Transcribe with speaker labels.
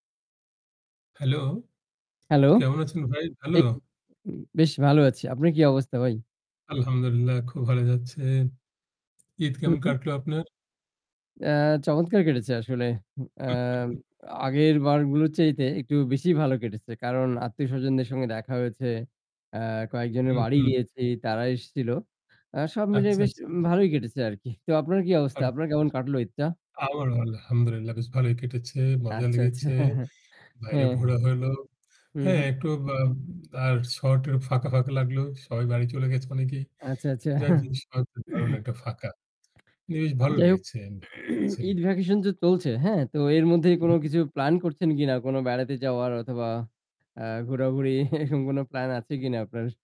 Speaker 1: Hello!
Speaker 2: Hello?
Speaker 1: কেমন আছেন ভাই? ভালো?
Speaker 2: এইতো উ বেশ ভালো আছি। আপনার কি অবস্থা ভাই?
Speaker 1: আলহামদুলিল্লাহ খুব ভালো যাচ্ছে। ঈদ
Speaker 2: হু,
Speaker 1: কেমন
Speaker 2: হু।
Speaker 1: কাটলো আপনার?
Speaker 2: আ চমৎকার কেটেছে আসলে। উ আ আগের বারগুলোর চাইতে একটু বেশি ভাল কেটেছে। কারণ আত্মীয়স্বজনদের সঙ্গে দেখা হয়েছে। আ কয়েকজনের
Speaker 1: হুম,
Speaker 2: বাড়ি
Speaker 1: হুম।
Speaker 2: গিয়েছি, তারা এসছিল। আ সব মিলে
Speaker 1: আচ্ছা,
Speaker 2: বেশ
Speaker 1: আচ্ছা।
Speaker 2: ভালোই কেটেছে আরকি। তো আপনার কি অবস্থা?
Speaker 1: আম
Speaker 2: আপনার কেমন কাটলো ঈদটা?
Speaker 1: আ আমার আলহামদুলিল্লাহ। বেশ ভালোই কেটেছে। মজা
Speaker 2: আচ্ছা, আচ্ছা।
Speaker 1: লেগেছে।
Speaker 2: হ্যাঁ, হ্যাঁ।
Speaker 1: বাইরে
Speaker 2: হ্যাঁ।
Speaker 1: ঘোরা হল।
Speaker 2: হু,
Speaker 1: হ্যাঁ
Speaker 2: হু।
Speaker 1: একটু বা আর শর্ট ফাঁকা, ফাঁকা লাগল। সবাই বাড়ি চলে গেছে অনেকেই
Speaker 2: আচ্ছা, আচ্ছা।
Speaker 1: যাই জিনিস [unintelligible] দারুণ একটা ফাঁকা। বেশ ভালো
Speaker 2: যাই হোক
Speaker 1: লেগেছে বা লাগছে।
Speaker 2: ঈদ ভ্যাকেশন তো চলছে। হ্যাঁ তো এর মধ্যে
Speaker 1: হুম,
Speaker 2: কোন
Speaker 1: হুম।
Speaker 2: কিছু প্লান করছেন কিনা? কোন বেড়াতে যাওয়ার অথবা আ ঘোরাঘুরি এরকম কোন প্ল্যান আছে কিনা আপনার?